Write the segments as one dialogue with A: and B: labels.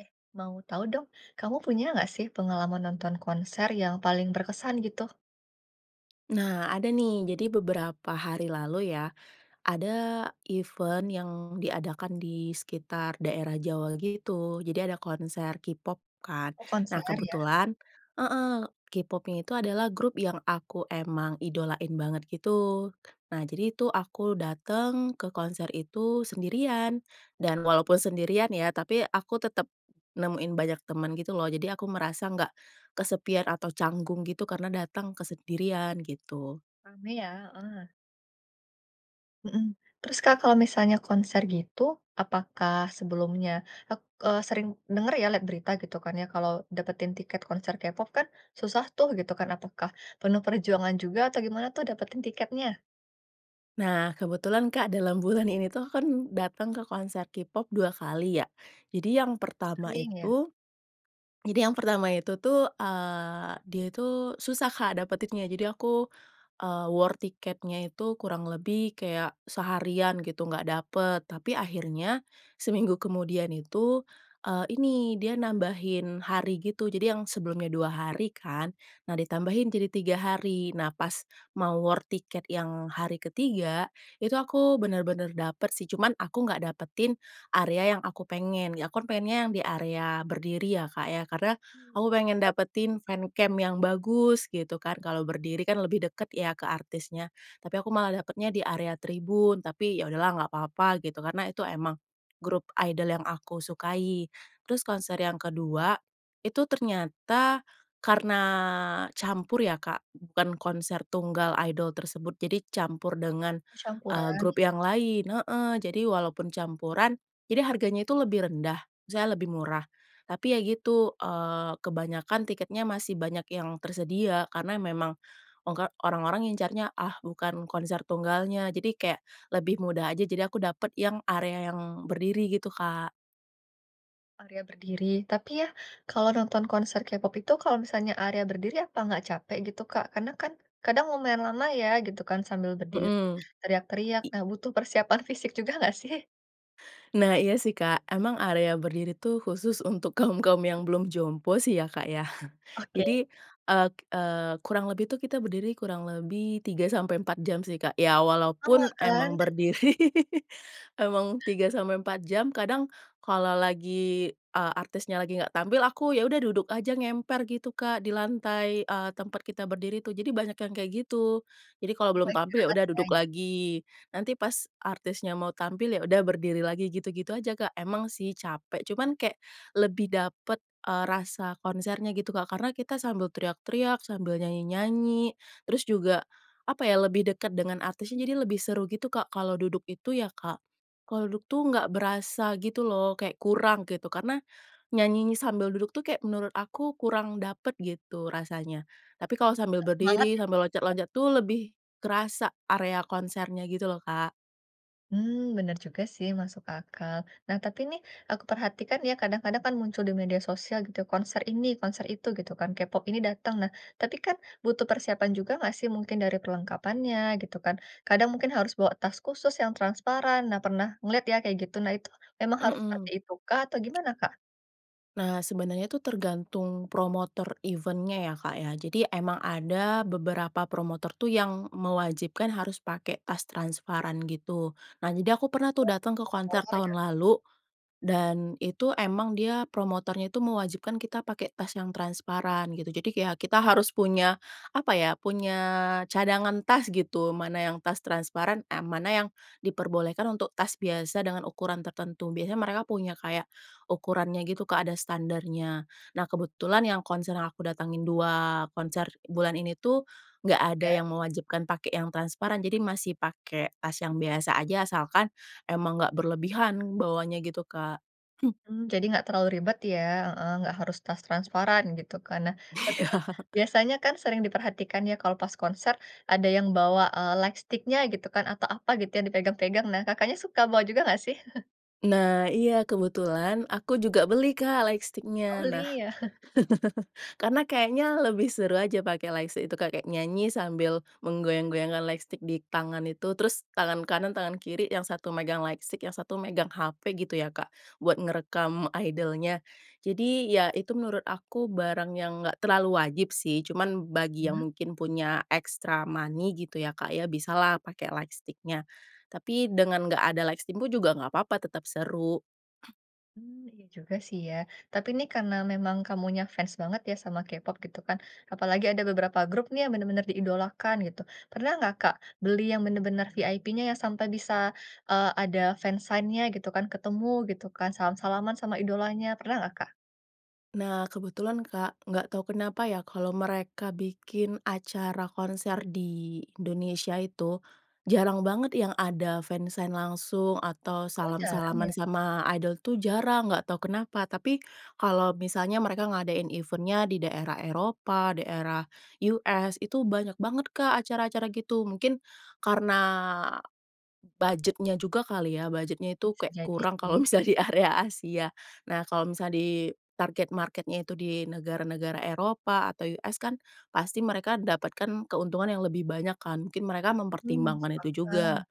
A: Eh, mau tahu dong, kamu punya enggak sih pengalaman nonton konser yang paling berkesan gitu?
B: Nah, ada nih. Jadi beberapa hari lalu ya, ada event yang diadakan di sekitar daerah Jawa gitu. Jadi ada konser k-pop kan,
A: Oh konser,
B: nah
A: ya.
B: kebetulan heeh, K-popnya itu adalah grup yang aku emang idolain banget gitu. Nah jadi itu aku datang, ke konser itu sendirian dan walaupun sendirian ya, tapi aku tetap nemuin banyak, teman gitu loh, jadi aku merasa nggak kesepian atau canggung gitu, karena datang kesendirian gitu.
A: Rame ya? Heeh. Mhm. Terus Kak kalau misalnya konser gitu, apakah sebelumnya, ak eee, sering dengar ya lihat berita gitu kan ya, kalau dapetin tiket konser K-pop kan, susah tuh gitu kan, apakah penuh perjuangan juga, atau gimana tuh dapetin tiketnya?
B: Nah, kebetulan Kak dalam bulan ini itu, aku kan datang ke konser K-pop 2 kali ya. Jadi yang pertama
A: Sering ya.
B: itu, jadi yang pertama itu tuh, eee, dia itu susah Kak dapetinnya, jadi aku, eee, war tiketnya itu kurang lebih kayak seharian gitu, nggak dapet. Tapi akhirnya, seminggu kemudian itu e ini dia nambahin hari gitu, jadi yang sebelumnya 2 hari kan, nah ditambahin jadi 3 hari. Nah pas mau war tiket yang hari ketiga itu, aku benar-benar dapet sih, cuman aku nggak dapetin, area yang aku pengen, aku pengennya yang di area berdiri ya Kak ya, karena aku pengen
A: [unintelligible]
B: dapetin fancamp yang bagus gitu kan, kalau berdiri kan lebih dekat ya ke artisnya. Tapi aku malah dapatnya di area tribun, tapi ya udahlah nggak apa-apa gitu karena itu emang grup idol yang aku sukai. Terus konser yang kedua itu ternyata karena campur ya Kak, bukan konser tunggal idol tersebut. Jadi, campur dengan,
A: Oh
B: eee,
A: campuran,
B: grup
A: ya.
B: yang lain heeh. Jadi walaupun campuran, jadi harganya itu lebih rendah, misalnya lebih murah, tapi ya gitu, eee, kebanyakan tiketnya masih banyak yang tersedia, karena memang ongka orang-orang ngincarnya, ah bukan konser tunggalnya jadi kayak lebih mudah aja, jadi aku dapat yang area yang berdiri gitu Kak.
A: Area berdiri. Tapi ya, kalau nonton konser K-pop itu, kalau misalnya area berdiri, apa enggak capek gitu Kak? Karena kan, kadang lumayan lama ya gitu kan, sambil berdiri,
B: Hmm.
A: teriak-teriak.
B: I
A: Nah, butuh persiapan fisik juga enggak sih?
B: Nah, iya sih Kak, emang area berdiri tuh khusus untuk kaum-kaum. yang belum jompo sih ya Kak, ya.
A: Oke.
B: Jadi, eee eee, kurang lebih tuh, kita berdiri kurang lebih 3 sampai 4 jam sih Kak, ya
A: Lama
B: walaupun
A: kan?
B: emang berdiri, emang 3 sampai 4 jam. Kadang kalau lagi, eee, artisnya lagi enggak tampil, aku ya udah duduk aja, ngemper gitu Kak, di lantai, eee, tempat kita berdiri tuh, jadi banyak yang kayak gitu. Jadi, kalau
A: Kamu
B: belum tampil, ya
A: istirahat
B: udah duduk
A: banyak.
B: lagi, nanti pas artisnya mau tampil, ya udah berdiri lagi, gitu-gitu aja Kak. Emang sih, capek, cuman kayak lebih dapat, eee, rasa konsernya gitu, Kak. Karena, kita sambil teriak-teriak, sambil nyanyi-nyanyi, terus juga, apa ya, lebih dekat dengan artisnya, jadi lebih seru gitu, Kak. Kalau duduk itu ya Kak, kalau duduk tuh enggak berasa gitu loh, kayak kurang, gitu. Karena nyanyinya sambil duduk tuh kayak, menurut aku kurang dapet gitu, rasanya. Tapi, kalau sambil
A: Enggak semangat
B: berdiri,
A: ya,.
B: sambil
A: [unintelligible]
B: loncat-loncat tuh, lebih kerasa area konsernya gitu loh, Kak.
A: Hmm, bener juga sih, masuk akal. Nah, tapi nih aku perhatikan ya, kadang-kadang kan muncul di media sosial, gitu, konser ini, konser itu, gitu kan, K-pop ini datang. Nah, tapi kan butuh persiapan juga enggak sih mungkin dari perlengkapannya, gitu kan, kadang mungkin harus bawa tas khusus yang transparan. Nah, pernah ngelihat ya, kayak gitu. Nah, itu memang harus seperti
B: Mhm.
A: itu kah atau gimana Kak?
B: Nah, sebenernya itu tergantung promotor event-nya, ya, Kak, ya. Jadi emang ada beberapa promotor tuh yang mewajibkan harus pakai tas transparan, gitu. Nah, jadi aku pernah tuh datang ke
A: Oh,
B: konser
A: [unintelligible] ya.
B: tahun lalu dan itu emang dia promotornya itu mewajibkan kita pakai tas yang transparan, gitu. Jadi kayak kita harus punya, apa ya, punya cadangan tas, gitu, mana yang tas transparan, a mana yang diperbolehkan untuk tas biasa dengan ukuran tertentu. Biasanya mereka punya kayak ukurannya, gitu, Kak, ada standarnya. Nah, kebetulan yang konser yang aku datangin, dua konser bulan ini, itu nggak ada
A: Ya.
B: yang mewajibkan pakai yang transparan, jadi masih pakai tas yang biasa aja, asalkan emang nggak berlebihan bawanya, gitu, Kak. Hmm.
A: Hmm, jadi enggak terlalu ribet, ya, heeh, enggak harus tas transparan, gitu kan. Nah, tapi nih
B: Iya.
A: biasanya kan sering diperhatikan ya, kalau pas konser ada yang bawa, eee, lightstick-nya gitu kan, atau apa gitu, yang dipegang-pegang. Nah, Kakaknya suka bawa juga enggak, sih?
B: Nah, iya, kebetulan aku juga beli, Kak,
A: Oh,
B: lightstick-nya. Nah,
A: beli ya?
B: karena kayaknya, lebih seru aja pakai lightstick itu Kak, kayak nyanyi sambil menggoyang-goyangkan lightstick di tangan itu. Terus, tangan kanan, tangan kiri, yang 1 megang lightstick, yang 1 megang HP gitu ya, Kak, buat ngerekam idol-nya. Jadi, ya, itu menurut aku barang yang nggak terlalu wajib sih, cuman bagi yang
A: Mmm.
B: mungkin punya extra money gitu ya, Kak, ya, bisalah pakai lightstick-nya. Tapi dengan nggak ada lightstick pun juga nggak papa, tetap seru.
A: Mmm, iya juga sih ya. Tapi nih, karena memang kamunya fans banget ya sama K-pop gitu kan. Apalagi ada beberapa grup nih yang benar-benar diidolakan gitu. Pernah nggak, Kak, beli yang benar-benar VIP-nya yang sampai bisa, eee, ada fansign-nya gitu kan, ketemu gitu kan, salam-salaman sama idolanya, pernah nggak, Kak?
B: Nah kebetulan, Kak, nggak tau kenapa ya, kalau mereka bikin acara konser di Indonesia itu, jarang banget yang ada fansign langsung atau
A: Oh, jarang ya?
B: salam-salaman sama idol tuh jarang, nggak tahu kenapa. Tapi, kalau misalnya mereka ngadain event-nya di daerah Eropa, daerah US, itu banyak banget, Kak, acara-acara gitu. Mungkin, karena budget-nyajuga kali ya, budget-nya itu
A: Bisa
B: kayak
A: jadi
B: kurang kalau
A: sih.
B: misalnya di area Asia. Nah kalau misalnya di target market-nya itu di negara-negara Eropa atau US kan, pasti mereka dapatkan keuntungan yang lebih banyak kan, mungkin mereka
A: Mmm,
B: mempertimbangkan itu
A: sepakat.
B: juga.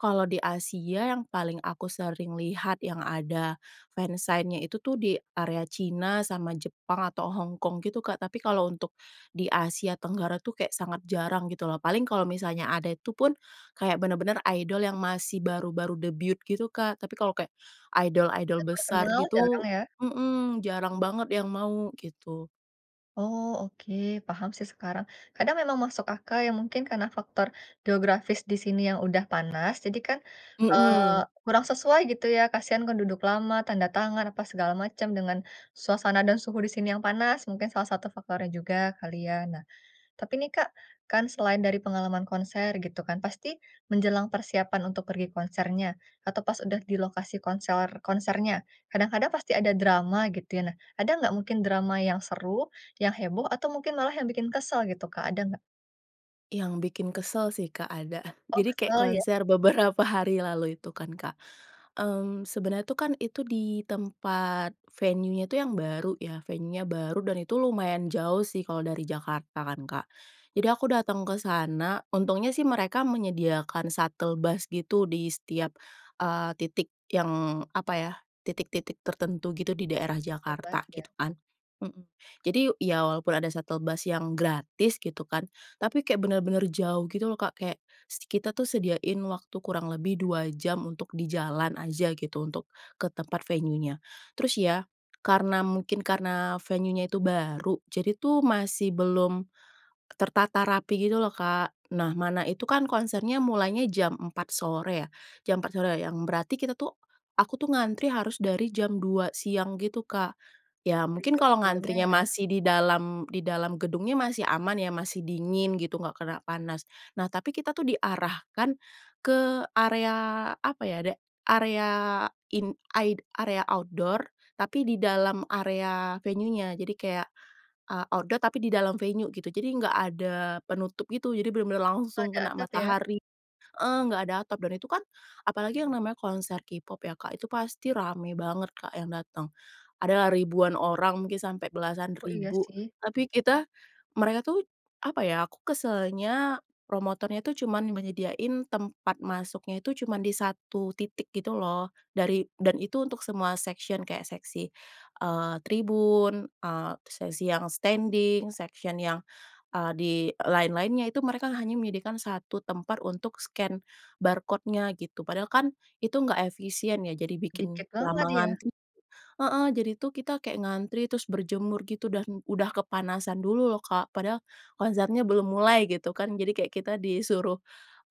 B: Kalau di Asia, yang paling aku sering lihat yang ada fansign-nya itu tuh di area Cina sama Jepang atau Hongkong gitu, Kak. Tapi kalau untuk, di Asia Tenggara tuh kayak sangat jarang gitu loh. Paling kalau misalnya ada, itu pun, kayak benar-benar idol yang masih baru-baru debut gitu, Kak. Tapi kalau kayak idol-idol
A: Udah
B: besar
A: terkenal, jarang
B: gitu
A: ya?
B: mhm, jarang banget yang mau gitu.
A: Oh oke, paham sih sekarang. Kadang memang masuk akal ya, mungkin karena faktor geografis di sini yang udah panas, jadi kan, eee,
B: Heeh.
A: kurang sesuai gitu ya, kasihan kan duduk lama, tanda tangan, apa segala macam, dengan suasana dan suhu di sini yang panas, mungkin salah 1 faktornya juga kali ya. Nah tapi nih Kak, kan selain dari pengalaman konser gitu kan, pasti menjelang persiapan untuk pergi konsernya, atau pas udah di lokasi konsor konsernya. Kadang-kadang pasti ada drama gitu ya. Nah, ada enggak mungkin drama yang seru, yang heboh, atau mungkin malah yang bikin kesel gitu Kak, ada enggak?
B: Yang bikin kesel sih Kak, ada.
A: Oh,
B: Jadi, kayak
A: kesel ya?
B: konser beberapa hari lalu itu kan Kak. Mmm, sebenernya tuh kan, itu di tempat venue-nya tuh yang baru ya, venue-nya baru, dan itu lumayan jauh sih kalau dari Jakarta kan Kak. Jadi, aku datang kesana untungnya sih mereka menyediakan shuttle bus gitu di setiap, eee, titik yang apa ya? Titik-titik tertentu gitu di daerah
A: Ngebus
B: Jakarta
A: ya?
B: gitu kan. Heeh. Jadi, ya walaupun ada shuttle bus yang gratis gitu kan, tapi kayak bener-bener jauh gitu loh Kak. Kayak s kita tuh sediain waktu kurang lebih 2 jam untuk di jalan aja gitu, untuk ke tempat venue-nya. Terus ya, karena mungkin karena venue-nya tuh baru, jadi tuh masih belum tertata rapi gitu loh Kak. Nah mana itu kan konsernya mulainya jam 4 sore ya, jam 4 sore yang berarti kita tuh aku tuh ngantri harus dari jam 2 siang gitu Kak. Ya, mungkin
A: Tinjau
B: kalau
A: sebelumnya
B: ngantrinya
A: ya.
B: masih di dalam di dalam gedungnya masih aman ya, masih dingin gitu, enggak kena panas. Nah tapi kita tuh diarahkan, ke area apa ya? da area in aid area outdoor, tapi di dalam area venue-nya. Jadi kayak, eee, outdoor tapi di dalam venue gitu, jadi enggak ada penutup gitu. Jadi, bener-bener
A: Oh
B: langsung
A: ada
B: kena
A: atap ya?
B: matahari heeh, enggak ada atap, dan itu kan apalagi yang namanya konser K-pop ya Kak, itu pasti rame banget Kak yang datang. Adalah ribuan orang, mungkin sampai belasan
A: Oh, iya
B: ribu.
A: sih.
B: Tapi kita mereka tuh apa ya? Aku keselnya, promotornya tuh cuman menyediain tempat masuknya itu cuman di 1 titik gitu loh, dari dan itu untuk semua section, kayak seksi, eee, tribun, eee, terus sesi yang standing, section yang, eee, di, eee, lain-lainnya. Itu mereka hanya menyediakan 1 tempat untuk scan barcode-nya gitu, padahal kan itu enggak efisien ya, jadi bikin
A: Sedikit
B: lama
A: banget ya.
B: ngantri heeh ...jadi tuh kita kayak ngantri, terus berjemur gitu dan udah kepanasan dulu loh Kak. Padahal konsernya belum mulai gitu kan. Jadi kayak kita disuruh,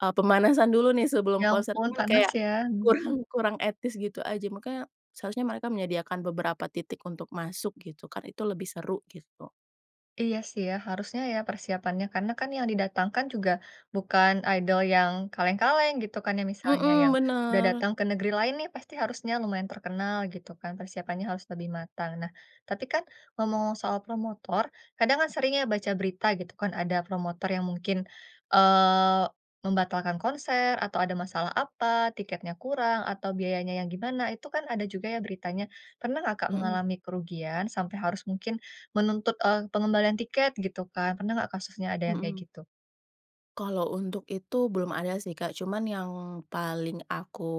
B: eee, pemanasan dulu nih sebelum
A: Ya
B: konser
A: ampun,
B: mhm,
A: panas
B: kayak
A: ya, hmm.
B: kurang kurang etis gitu aja. Makanya seharusnya mereka menyediakan beberapa titik untuk masuk gitu kan, itu lebih seru gitu.
A: Iya sih ya, harusnya ya persiapannya, karena kan yang didatangkan juga bukan idol yang kaleng-kaleng gitu kan ya, misalnya yang
B: Hmm,
A: sudah
B: bener.
A: datang ke negeri lain nih pasti harusnya lumayan terkenal gitu kan, persiapannya harus lebih matang. Nah, tapi kan ngomong-omong soal promotor, kadang kan sering ya baca berita gitu kan, ada promotor yang mungkin, eee, membatalkan konser atau ada masalah apa, tiketnya kurang, atau biayanya yang gimana, itu kan ada juga ya beritanya. Pernah enggak Kak,
B: Hmm.
A: mengalami kerugian sampai harus mungkin menuntut, eee, pengembalian tiket gitu kan, pernah enggak kasusnya ada yang kayak
B: Hmm.
A: gitu?
B: Kalau untuk itu, belum ada sih, Kak. Cuman, yang paling aku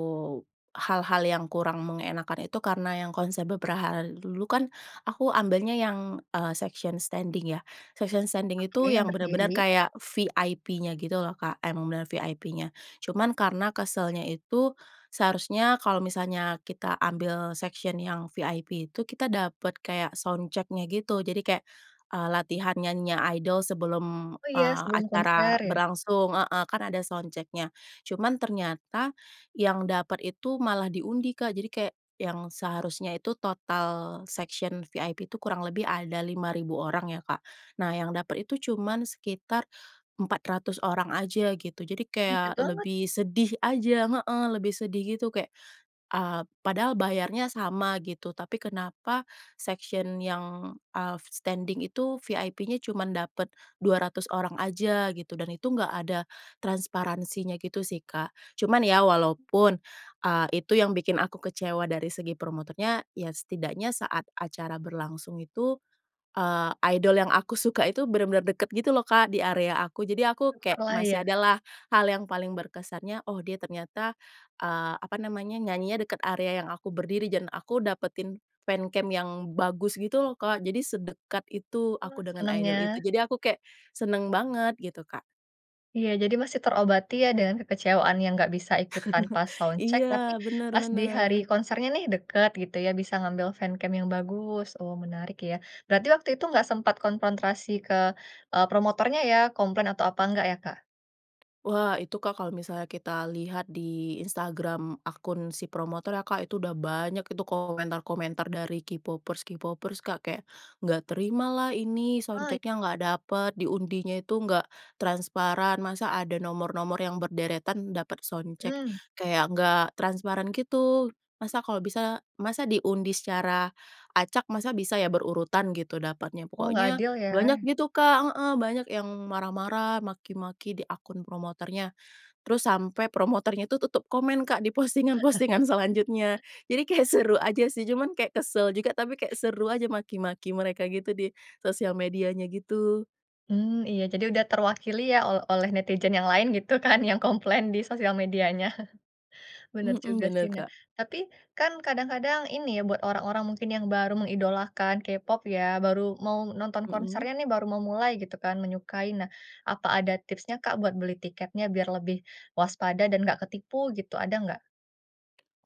B: hal-hal yang kurang mengenakkan itu karena yang konser beberapa hari dulu kan, aku ambilnya yang eee, section standing ya. Section standing
A: Oke,
B: itu
A: yang
B: yang bener-bener
A: berdiri.
B: kayak VIP-nya gitu loh Kak, emang bener-bener VIP-nya. Cuman, karena keselnya itu, seharusnya kalau misalnya kita ambil section yang VIP itu kita dapet kayak sound check-nya gitu. Jadi, kayak eee, latihan nyanyinya idol sebelum,
A: Oh ya,
B: eee,
A: sebelum
B: acara
A: konser ya.
B: berlangsung heeh. Kan ada sound check-nya. Cuman, ternyata yang dapet itu malah diundi Kak, jadi kayak yang seharusnya itu total section VIP itu kurang lebih ada 5.000 orang ya, Kak. Nah, yang dapet itu cuman sekitar 400 orang aja gitu, jadi
A: Dikit
B: kayak
A: banget.
B: lebih sedih aja heeh, lebih sedih gitu. Kayak, eee, padahal bayarnya sama gitu. Tapi, kenapa section yang, eee, standing itu VIP-nya cuman dapet 200 orang aja gitu dan itu enggak ada transparansinya gitu sih, Kak. Cuman, ya walaupun, eee, itu yang bikin aku kecewa dari segi promotornya, ya setidaknya saat acara berlangsung itu, eee, idol yang aku suka itu bener-bener dekat gitu loh Kak, di area aku. Jadi, aku kayak
A: Syukurlah
B: masih
A: ya.
B: ada lah, hal yang paling berkesannya, oh dia ternyata, eee, apa namanya nyanyinya deket area yang aku berdiri dan aku dapetin fancam yang bagus, gitu loh Kak. Jadi, sedekat itu
A: Oh,
B: aku dengan idol itu.
A: senengnya.
B: Jadi, aku kayak seneng banget gitu, Kak.
A: Iya, jadi masih terobati ya dengan kekecewaan yang enggak bisa ikut tanpa sound check,
B: Iya,
A: tapi
B: bener
A: pas di hari
B: bener.
A: konsernya nih deket gitu ya, bisa ngambil fancam yang bagus. Oh, menarik ya. Berarti waktu itu enggak sempat konfrontasi ke, eee, promotornya ya, komplain atau apa enggak ya, Kak?
B: Wah, itu Kak, kalau misalnya kita lihat di Instagram akun si promotornya Kak, itu udah banyak itu komentar-komentar dari K-popers K-popers Kak, kayak enggak terima lah ini sound
A: Oh it
B: check-nya enggak dapet, diundinya itu enggak transparan, masa ada nomor-nomor yang berderetan dapet sound check.
A: Hmm.
B: Kayak enggak transparan gitu. Masa kalau bisa masa diundi secara acak, masa bisa ya berurutan gitu dapatnya.
A: Oh, enggak
B: Pokoknya,
A: adil
B: banyak
A: ya.
B: gitu Kak heeh. Banyak yang marah-marah, maki-maki di akun promotornya. Terus, sampai promotornya itu tutup komen Kak, di postingan-postingan selanjutnya. Jadi, kayak seru aja sih, cuman kayak kesel juga, tapi kayak seru aja maki-maki mereka gitu di sosial medianya gitu.
A: Hmm, iya. Jadi, udah terwakili ya ol oleh netizen yang lain gitu kan yang komplain di sosial medianya. Bener
B: Hmm.
A: juga
B: Bener,
A: sih, nah,
B: Kak.
A: tapi, kan kadang-kadang ini ya buat orang-orang mungkin yang baru mengidolakan K-pop ya, baru mau nonton
B: Hmm.
A: konsernya nih baru mau mulai gitu kan, menyukai. Nah, apa ada tipsnya Kak, buat beli tiketnya biar lebih waspada dan enggak ketipu gitu, ada enggak?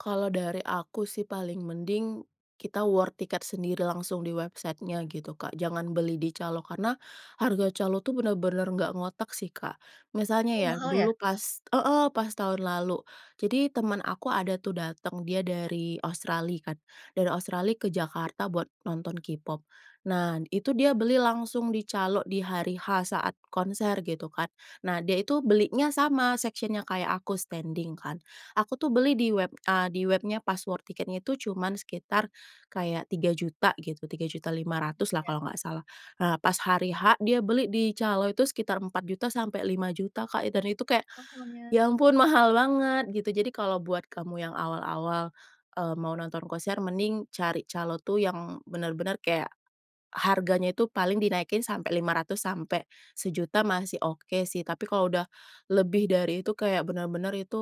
B: Kalau dari aku sih, paling mending kita war tiket sendiri langsung di website-nya gitu, Kak. Jangan beli di calo, karena harga calo tuh bener-bener nggak ngotak sih, Kak. Misalnya
A: Oh,
B: ya
A: mahal, ya?
B: dulu pas, heeh, pas tahun lalu. Jadi temen aku ada tuh datang dia dari Australia kan, dari Australia ke Jakarta buat nonton K-pop. Nah, itu dia beli langsung di calo, di hari H saat konser, gitu kan. Nah, dia itu belinya sama section-nya kayak aku, standing kan. Aku tuh beli di web, a di webnya pas war tiketnya itu cuman sekitar kayak Rp3.000.000 gitu, Rp3.500.000 lah
A: Iya.
B: kalau nggak salah. Nah, pas hari H, dia beli di calo, itu sekitar Rp4.000.000-Rp5.000.000, Kak, dan itu kayak,
A: Mahalnya.
B: ya ampun, mahal banget, gitu. Jadi kalau buat kamu yang awal-awal, eee, mau nonton konser, mending cari calo itu yang bener-bener kayak, harganya itu paling dinaikin sampai Rp500.000-Rp1.000.000 masih oke sih. Tapi kalau udah lebih dari itu, kayak bener-bener itu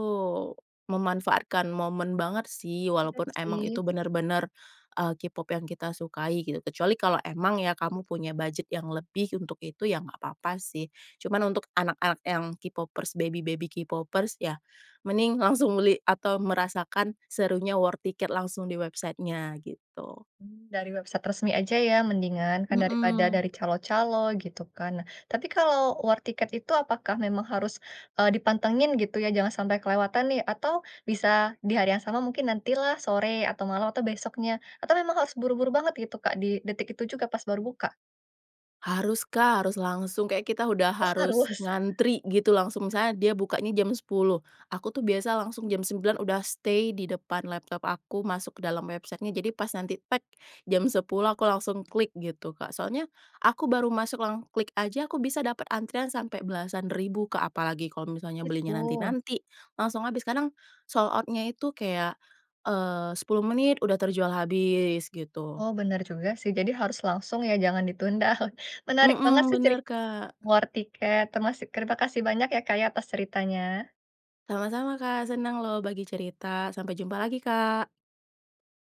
B: memanfaatkan momen banget, sih.
A: Iya,
B: Walaupun emang itu
A: sih.
B: bener-bener, eee, K-Pop yang kita sukai, gitu. Kecuali kalau emang kamu punya budget yang lebih untuk itu, ya nggak papa, sih. Cuman untuk anak-anak yang K-Popers, baby-baby K-popers, ya mending langsung beli atau merasakan serunya war tiket langsung di website-nya, gitu.
A: Mmm, dari website resmi aja ya, mendingan, kan daripada
B: Mhm.
A: dari calo-calo, gitu kan. Tapi kalau war tiket itu apakah memang harus, eee, dipantengin, gitu ya? Jangan sampai kelewatan nih, atau bisa di hari yang sama, mungkin nanti lah, sore atau malam atau besoknya atau memang harus buru-buru banget, gitu, Kak, di detik itu juga pas baru buka?
B: Harus, Kak. Harus langsung, kayaknya kita udah
A: Oh,
B: harus
A: harus?
B: ngantri, gitu, langsung. Misalnya dia bukanya jam 10:00. Aku tuh biasanya langsung jam 09:00 udah stay di depan laptop aku, masuk ke dalam website-nya. Jadi pas nanti tet, jam 10:00, aku langsung klik, gitu, Kak. Soalnya aku baru masuk lang klik aja, aku bisa dapet antrian sampai belasan ribu, Kak. Apalagi kalau
A: Oh,
B: misalnya belinya
A: gitu.
B: nanti-nanti, langsung habis. Kadang sold out-nya itu kayak, eee, 10 menit, udah terjual habis, gitu.
A: Oh, bener juga, sih. Jadi harus langsung ya, jangan ditunda. Menarik banget
B: Mhm,
A: sih ceri
B: bener, Kak.
A: war tiket, terimasi terima kasih banyak ya, Kak, ya, atas ceritanya.
B: Sama-sama, Kak. Seneng loh bagi cerita. Sampai jumpa lagi, Kak.